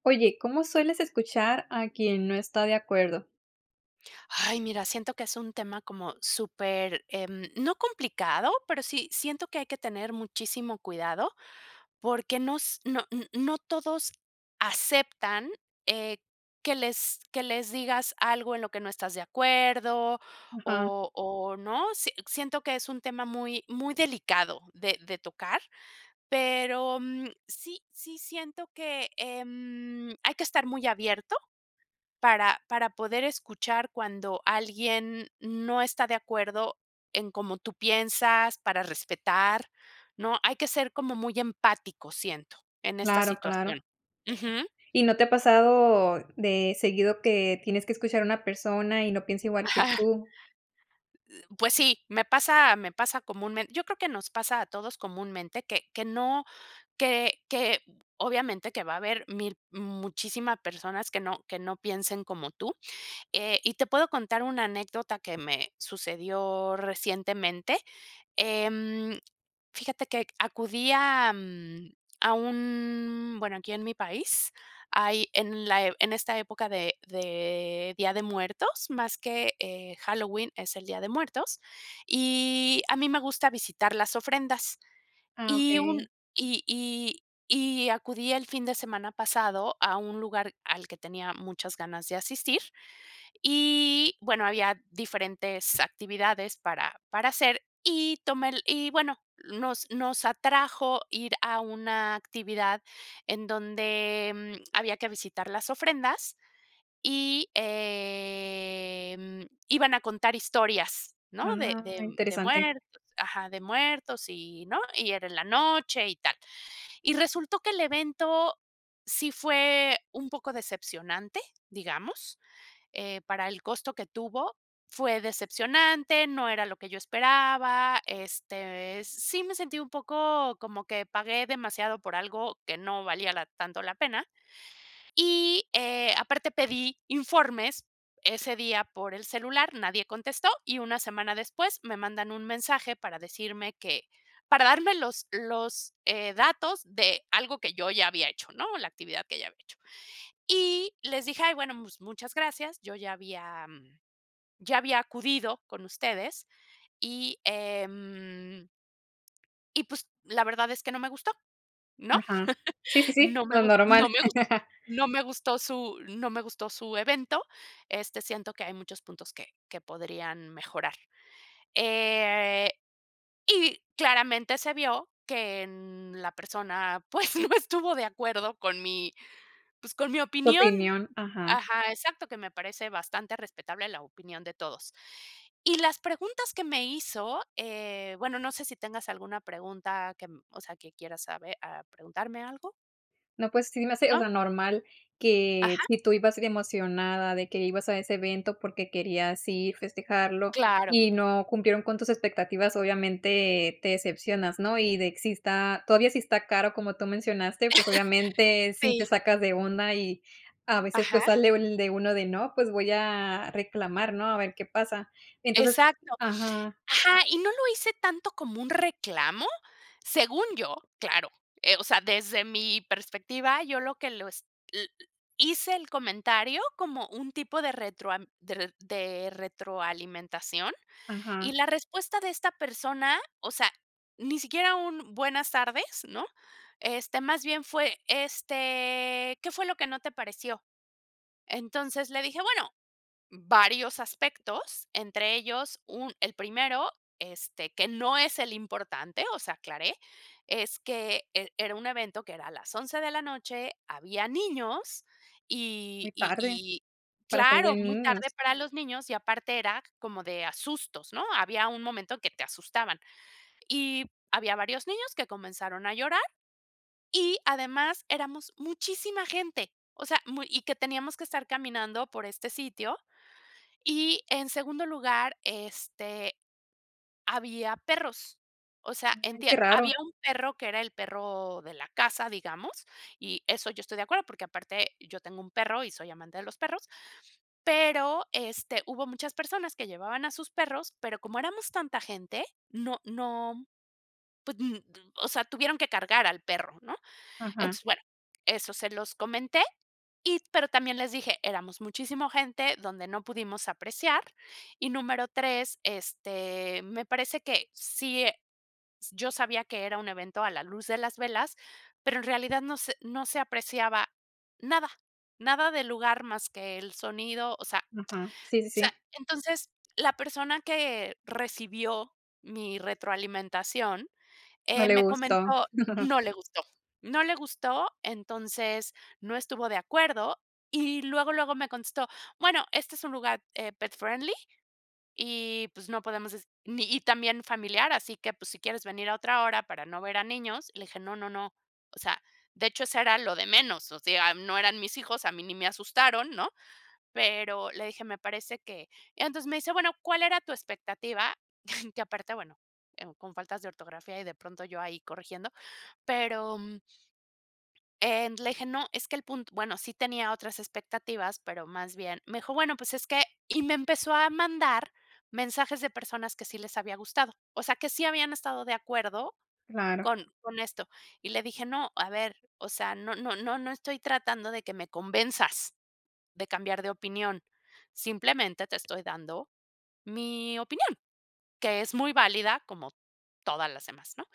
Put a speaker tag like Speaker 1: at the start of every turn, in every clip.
Speaker 1: Oye, ¿cómo sueles escuchar a quien no está de acuerdo?
Speaker 2: Ay, mira, siento que es un tema como súper, em, no complicado, pero sí siento que hay que tener muchísimo cuidado, porque nos no n no todos aceptan, eh, que les que les digas algo en lo que no estás de acuerdo,
Speaker 1: Ajá.
Speaker 2: o o ¿no? Si siento que es un tema muy muy delicado de de tocar, pero, mm, sí sí siento que, em, hay que estar muy abierto para para poder escuchar cuando alguien no está de acuerdo en cómo tú piensas, para respetar, ¿no? Hay que ser como muy empáticos, siento, en esta
Speaker 1: Claro, claro.
Speaker 2: situación. Ujú.
Speaker 1: ¿Y no te ha pasado, de seguido que tienes que escuchar a una persona, y no piensa igual que
Speaker 2: Ajá.
Speaker 1: tú?
Speaker 2: Eh, pues sí, me pasa me pasa comúnmente yo creo que nos pasa a todos comúnmente, que que no que que obviamente que va a haber 1000 muchísimas personas que no que no piensen como tú. Eh, y te puedo contar una anécdota que me sucedió recientemente. Em, fíjate que acudí a, mm, a un bueno, aquí en mi país hay en la en esta época de de Día de Muertos, más que, eh, Halloween, es el Día de Muertos, y a mí me gusta visitar las ofrendas.
Speaker 1: Ah,
Speaker 2: Y un
Speaker 1: okey.
Speaker 2: y y y acudí el fin de semana pasado a un lugar al que tenía muchas ganas de asistir, y, bueno, había diferentes actividades para para hacer y tomé el y, bueno, nos nos atrajo ir a una actividad en donde, mm, había que visitar las ofrendas, y, em, iban a contar historias, ¿no? De
Speaker 1: Ah,
Speaker 2: de de
Speaker 1: interesante.
Speaker 2: muertos ajá, de muertos, y, ¿no? Y era en la noche y tal. Y resultó que el evento sí fue un poco decepcionante, digamos, eh, para el costo que tuvo, fue decepcionante, no era lo que yo esperaba, este, sí me sentí un poco como que pagué demasiado por algo que no valía la tanto la pena, y, eh, aparte pedí informes ese día por el celular, nadie contestó, y una semana después me mandan un mensaje para decirme que para darme los los, eh, datos de algo que yo ya había hecho, ¿no? La actividad que ya había hecho. Y les dije: "Ay bueno, pues, muchas gracias, yo ya había ya había acudido con ustedes, y, em" "y pues, la verdad es que no me gustó, ¿no?
Speaker 1: Ajá. Sí, sí, sí,
Speaker 2: No me
Speaker 1: lo
Speaker 2: gus no
Speaker 1: normal.
Speaker 2: me gustó, no me gustó su no me gustó su evento, este, siento que hay muchos puntos que que podrían mejorar." Eh, y claramente se vio que en la persona, pues, no estuvo de acuerdo con mi, pues, con mi
Speaker 1: Su
Speaker 2: opinión.
Speaker 1: opinión, ajá.
Speaker 2: Ajá, exacto que me parece bastante respetable la opinión de todos. Y las preguntas que me hizo, eh, bueno, no sé si tengas alguna pregunta que, em, o sea, que quieras saber ah, ¿preguntarme algo?
Speaker 1: No, pues, sí me hace, o
Speaker 2: ¿No?
Speaker 1: sea, normal que
Speaker 2: Ajá.
Speaker 1: sí tu ibas emocionada de que ibas a ese evento porque querías ir, festejarlo,
Speaker 2: Claro.
Speaker 1: y no cumplieron con tus expectativas, obviamente te decepcionas, ¿no? Y de que sí está todavía sí está caro, como tú mencionaste, pues obviamente sí te
Speaker 2: Sí.
Speaker 1: sacas de onda, y a veces pues
Speaker 2: Ajá.
Speaker 1: sale el de uno de: "No, pues voy a reclamar, ¿no? A ver qué pasa". Entonces,
Speaker 2: Exacto.
Speaker 1: ajá.
Speaker 2: Ajá, ¿y no lo hice tanto como un reclamo? Según yo, claro, eh, o sea, desde mi perspectiva, yo lo que los l l hice el comentario como un tipo de retroam de reto de retroalimentación,
Speaker 1: Ajá.
Speaker 2: y la respuesta de esta persona, o sea, ni siquiera un buenas tardes, ¿no? Este, más bien fue, este, ¿qué fue lo que no te pareció? Entonces, le dije: "Bueno, varios aspectos, entre ellos un el primero, este, que no es el importante," o sea, aclaré, es que e era un evento que era a las 11 de la noche, había niños,
Speaker 1: Muy
Speaker 2: y y
Speaker 1: tarde,
Speaker 2: y
Speaker 1: para ser de
Speaker 2: claro, muy
Speaker 1: niños.
Speaker 2: tarde para los niños, y aparte era como de, ah, sustos, ¿no? Había un momento que te asustaban. Y había varios niños que comenzaron a llorar, y además éramos muchísima gente, o sea muy y que teníamos que estar caminando por este sitio, y en segundo lugar, este, había perros, o sea,
Speaker 1: Ay,
Speaker 2: entie
Speaker 1: qué
Speaker 2: había
Speaker 1: raro.
Speaker 2: un perro que era el perro de la casa, digamos, y eso yo estoy de acuerdo, porque aparte yo tengo un perro, y soy amante de los perros, pero, este, hubo muchas personas que llevaban a sus perros, pero como éramos tanta gente, no no pues, n o sea, tuvieron que cargar al perro, ¿no?
Speaker 1: Ajá.
Speaker 2: Entonces, bueno, eso se los comenté, y pero también les dije: "Éramos muchísima gente donde no pudimos apreciar, y número 3, este, me parece que sí, eh, yo sabía que era un evento a la luz de las velas, pero en realidad no se no se apreciaba nada, nada del lugar más que el sonido, o sea
Speaker 1: Aja, sí, sí,
Speaker 2: o sea,
Speaker 1: sí.
Speaker 2: entonces, la persona que recibió mi retroalimentación,
Speaker 1: No
Speaker 2: eh,
Speaker 1: le
Speaker 2: me
Speaker 1: gustó.
Speaker 2: comentó no le gustó, no le gustó, entonces, no estuvo de acuerdo, y luego, luego me contestó, bueno, este es un lugar, eh, pet friendly, y pues no podemos es ni y también familiar, así que pues si quieres venir a otra hora para no ver a niños, le dije no no no, o sea, de hecho eso era lo de menos, o sea, no eran mis hijos, a mí ni me asustaron, ¿no? Pero le dije, me parece que entonces, me dice: "Bueno, ¿cuál era tu expectativa?" Que aparte, bueno, en con faltas de ortografía, y de pronto yo ahí corrigiendo, pero, mm, eh, le dije, no, es que el punto bueno, sí tenía otras expectativas, pero más bien me dijo: "Bueno pues es que "y me empezó a mandar mensajes de personas que sí les había gustado, o sea que sí habían estado de acuerdo
Speaker 1: Claro.
Speaker 2: con con esto, y le dije: "No, a ver, o sea no no no estoy tratando de que me convenzas de cambiar de opinión, simplemente te estoy dando mi opinión, que es muy válida como todas las demás, ¿no?"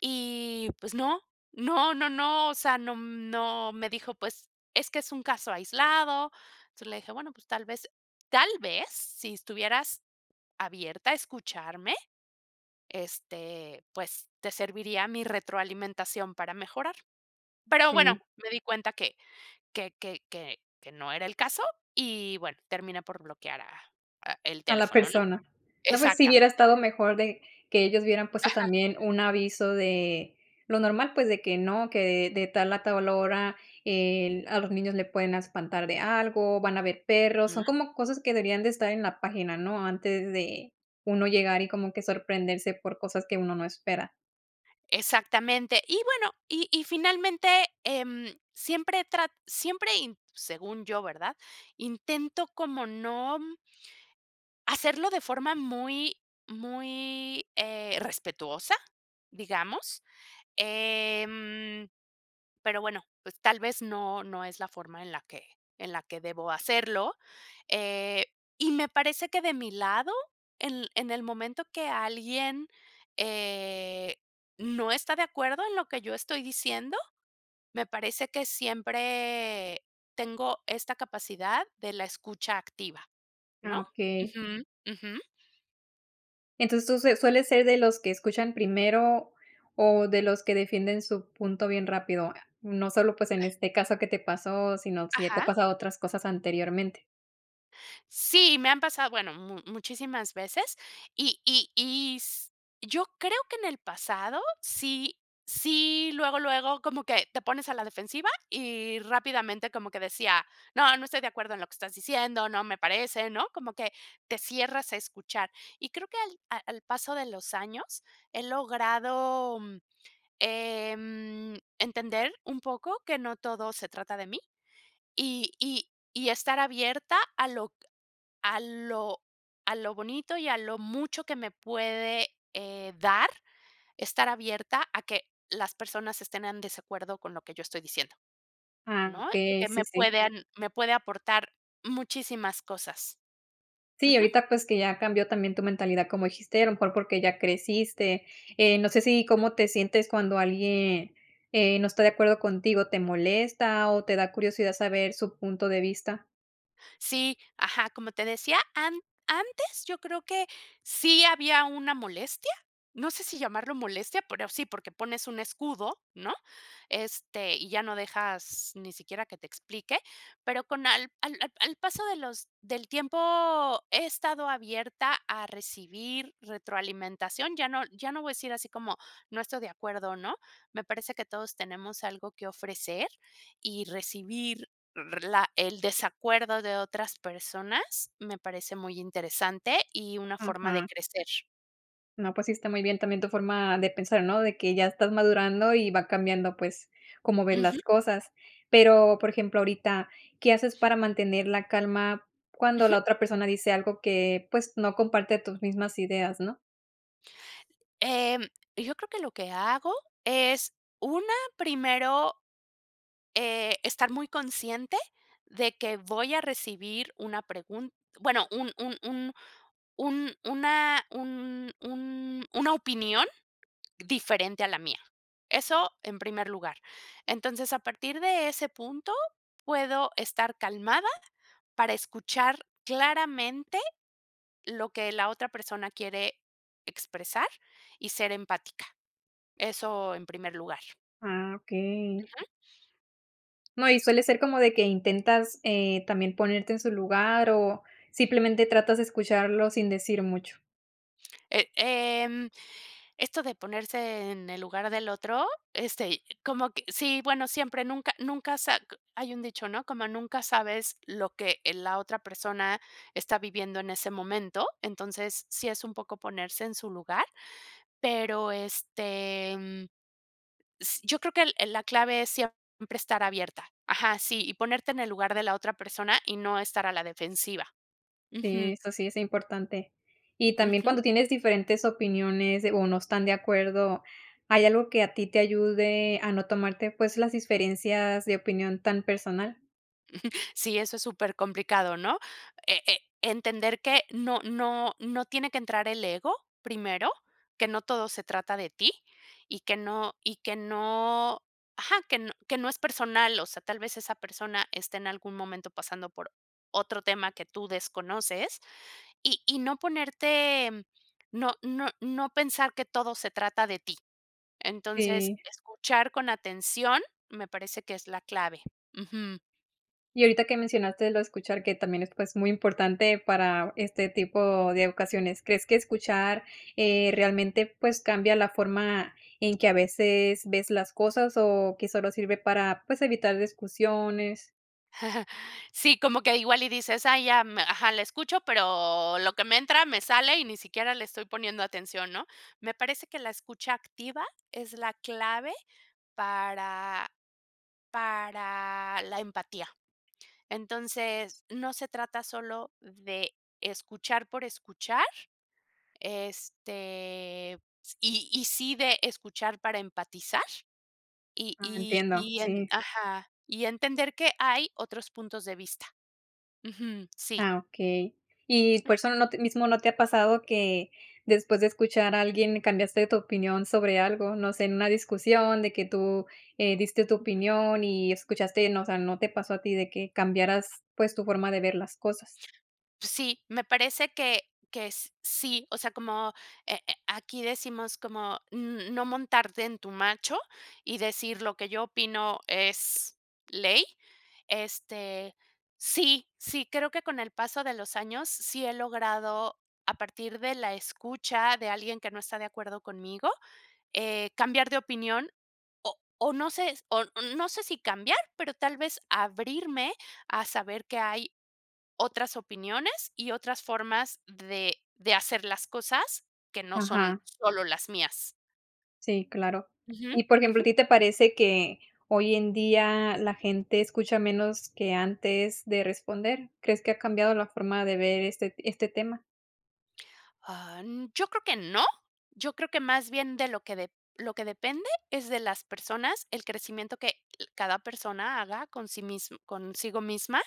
Speaker 2: Y, pues, no, no, no, no, o sea, no, mm, no, me dijo: "Pues, es que es un caso aislado," entonces, le dije: "Bueno, pues, tal vez tal vez, si estuvieras abierta a escucharme, este, pues, te serviría mi retroalimentación para mejorar." Pero bueno,
Speaker 1: Sí.
Speaker 2: me di cuenta que que que que que no era el caso y, bueno, terminé por bloquear a a el
Speaker 1: A la
Speaker 2: teléfono, ¿no?
Speaker 1: persona. No, pues, si hubiera
Speaker 2: Exactamente.
Speaker 1: estado mejor de que ellos hubieran puesto
Speaker 2: Ajá.
Speaker 1: también un aviso de lo normal, pues, de que no, que de tal a tal hora, eh, a los niños le pueden espantar de algo, van a haber perros, son
Speaker 2: Ujú.
Speaker 1: como cosas que deberían de estar en la página, ¿no? Antes de uno llegar, y como que sorprenderse por cosas que uno no espera.
Speaker 2: Exactamente, y bueno, y y finalmente, em, siempre he trat siempre in según yo, ¿verdad? Intento, como no. Hacerlo de forma muy muy, eh, respetuosa, digamos, em pero bueno, pues, tal vez no no es la forma en la que en la que debo hacerlo, eh, y me parece que de mi lado, en en el momento que alguien, eh, no está de acuerdo en lo que yo estoy diciendo, me parece que siempre tengo esta capacidad de la escucha activa, ¿no?
Speaker 1: Ah, okey.
Speaker 2: Ujú, ujú.
Speaker 1: Entonces, tú sueles ser de los que escuchan primero o de los que defienden su punto bien rápido, no solo, pues, en este caso que te pasó, sino sí ya te ha
Speaker 2: Ajá.
Speaker 1: pasado otras cosas anteriormente.
Speaker 2: Sí, me han pasado, bueno, mu muchísimas veces, y y y s yo creo que en el pasado sí sí luego luego como que te pones a la defensiva y rápidamente como que decía, no no estoy de acuerdo en lo que estás diciendo, no me parece, ¿no? Como que te cierras a escuchar, y creo que al a al paso de los años, he logrado, em, entender un poco que no todo se trata de mí, y y y estar abierta a lo a lo a lo bonito y a lo mucho que me puede, eh, dar, estar abierta a que las personas estén en desacuerdo con lo que yo estoy diciendo,
Speaker 1: Ah,
Speaker 2: ¿no?
Speaker 1: okey,
Speaker 2: Porque
Speaker 1: sí,
Speaker 2: me
Speaker 1: sí.
Speaker 2: pueden me puede aportar muchísimas cosas.
Speaker 1: Sí,
Speaker 2: Ujú.
Speaker 1: ahorita, pues, que ya cambió también tu mentalidad como dijiste, a lo mejor porque ya creciste. Eh, no sé sí cómo te sientes cuando alguien, eh, no está de acuerdo contigo, ¿te molesta o te da curiosidad saber su punto de vista?
Speaker 2: Sí, ajá, como te decía, an antes yo creo que sí había una molestia, no sé si llamarlo molestia, pero sí, porque pones un escudo, ¿no? Este, y ya no dejas ni siquiera que te explique, pero con al al al paso de los del tiempo, he estado abierta a recibir retroalimentación, ya no ya no voy a decir así como: "No estoy de acuerdo", ¿no? Me parece que todos tenemos algo que ofrecer, y recibir r la el desacuerdo de otras personas, me parece muy interesante y una forma de
Speaker 1: Ujú.
Speaker 2: crecer.
Speaker 1: No, pues sí está muy bien también tu forma de pensar, ¿no? De que ya estás madurando y va cambiando, pues, cómo ves las
Speaker 2: Ujú.
Speaker 1: cosas. Pero, por ejemplo, ahorita, ¿qué haces para mantener la calma, cuando
Speaker 2: Ujú.
Speaker 1: la otra persona dice algo que, pues, no comparte tus mismas ídeas, ¿no?
Speaker 2: Em, yo creo que lo que hago es una, primero, eh, estar muy consciente de que voy a recibir una pregun bueno, un un un un una un un una opinión diferente a la mía. Eso en primer lugar. Entonces, a partir de ese punto, puedo estar calmada, para escuchar claramente lo que la otra persona quiere expresar y ser empática. Eso en primer lugar.
Speaker 1: Ah, okey.
Speaker 2: Ujú.
Speaker 1: No, y suele ser como de que intentas, eh, también ponerte en su lugar, o, ¿simplemente tratas de
Speaker 2: Ujú.
Speaker 1: escucharlo sin decir mucho?
Speaker 2: Eh, em, esto de ponerse en el lugar del otro, este, y como que, sí, bueno, siempre, nunca nunca sa hay un dicho, ¿no? Como nunca sabes lo que, eh, la otra persona está viviendo en ese momento, entonces, sí es un poco ponerse en su lugar, pero este, mm, s yo creo que el el la clave es siempre estar abierta. Ajá, sí, y ponerte en el lugar de la otra persona y no estar a la defensiva.
Speaker 1: Sí,
Speaker 2: Ujú.
Speaker 1: eso sí es importante. Y también
Speaker 2: Ujú.
Speaker 1: cuando tienes diferentes opiniones o no están de acuerdo, ¿hay algo que a ti te ayude a no tomarte, pues, las diferencias de opinión tan personal?
Speaker 2: Sí, eso es supercomplicado, ¿no?, e e entender que no no no tiene que entrar el ego primero, que no todo se trata de ti y que no y que no ajá que no que no es personal, o sea, tal vez esa persona esté en algún momento pasando por otro tema que tú desconoces y y no ponerte, no no no pensar que todo se trata de ti. Entonces,
Speaker 1: Sí.
Speaker 2: escuchar con atención, me parece que es la clave. Ujú.
Speaker 1: Y ahorita que mencionaste lo de escuchar, que también es, pues, muy importante para este tipo de ocasiones, ¿crees que escuchar, eh, realmente, pues cambia la forma en que a veces ves las cosas o que solo sirve para, pues evitar discusiones?
Speaker 2: Sí, como que igual y dices: "Ay ya, ajá, la escucho, pero lo que me entra me sale y ni siquiera le estoy poniendo atención", ¿no? Me parece que la escucha activa es la clave, para para la empatía. Entonces, no se trata solo de escuchar por escuchar, este, s y y sí de escuchar para empatizar, y
Speaker 1: Ah,
Speaker 2: y
Speaker 1: entiendo,
Speaker 2: y en
Speaker 1: sí.
Speaker 2: ajá, y entender que hay otros puntos de vista. Ujú. Sí.
Speaker 1: Ah, okey. Y por
Speaker 2: Ujú.
Speaker 1: eso no t te mismo no te ha pasado que después de escuchar a alguien cambiaste tu opinión sobre algo, no sé, en una discusión de que tú, eh, diste tu
Speaker 2: Ujú.
Speaker 1: opinión y escuchaste, uno, o sea, ¿no te pasó a ti, de que cambiaras, pues, tu forma de ver las cosas?
Speaker 2: Pues, sí, me parece que que s sí, o sea, como eh eh aquí, decimos como n n no montarte en tu macho y decir lo que yo opino es ley, este, sí, sí, creo que con el paso de los años, sí he logrado a partir de la escucha, de alguien que no está de acuerdo conmigo, eh, cambiar de opinión, o o no sé, s o no sé si cambiar, pero tal vez abrirme a saber que hay otras opiniones y otras formas de de hacer las cosas que no son
Speaker 1: Ajá.
Speaker 2: solo las mías.
Speaker 1: Sí, claro.
Speaker 2: Ujú,
Speaker 1: Y, por ejemplo,
Speaker 2: ujú.
Speaker 1: ¿a ti te parece que hoy en día la gente escucha menos que antes de responder? ¿Crees que ha cambiado la forma de ver este este tema?
Speaker 2: Ah, yo creo que no, yo creo que más bien de lo que lo que de-depende es de las personas, el crecimiento que, eh, cada persona haga con sí mismo consigo misma,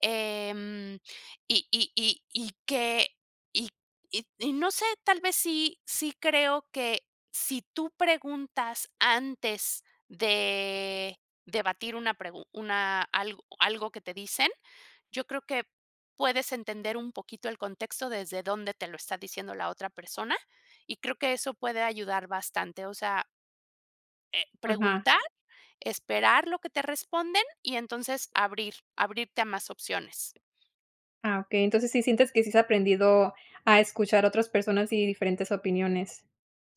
Speaker 2: em, y y y y que y y no sé, tal vez sí sí creo que si tú preguntas antes de debatir una pregun una algo algo que te dicen, yo creo que puedes entender un poquito el contexto desde donde te lo está diciendo la otra persona, y creo que eso puede ayudar bastante, o sea. Eh,
Speaker 1: Ajá.
Speaker 2: preguntar, esperar lo que te responden, y entonces abrir abrirte a más opciones.
Speaker 1: Ah, okey, entonces sí sientes que sí has aprendido a escuchar a otras personas y diferentes opiniones.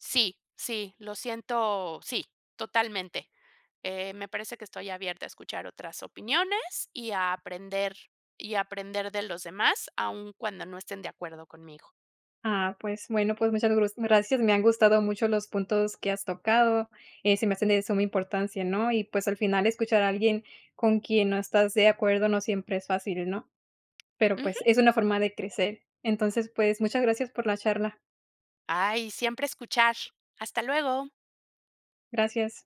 Speaker 2: Sí, sí, lo siento sí, totalmente. Eh, me parece que estoy abierta a escuchar otras opiniones y a aprender y aprender de los demás aun cuando no estén de acuerdo conmigo.
Speaker 1: Ah, pues, bueno, pues muchas gro gracias. Me han gustado mucho los puntos que has tocado. Eh, se me hacen de suma importancia, ¿no? Y, pues, al final escuchar a alguien con quien no estás de acuerdo no siempre es fácil, ¿no? Pero, pues,
Speaker 2: Ujú.
Speaker 1: es una forma de crecer. Entonces, pues, muchas gracias por la charla.
Speaker 2: Ay, siempre escuchar. Hasta luego.
Speaker 1: Gracias.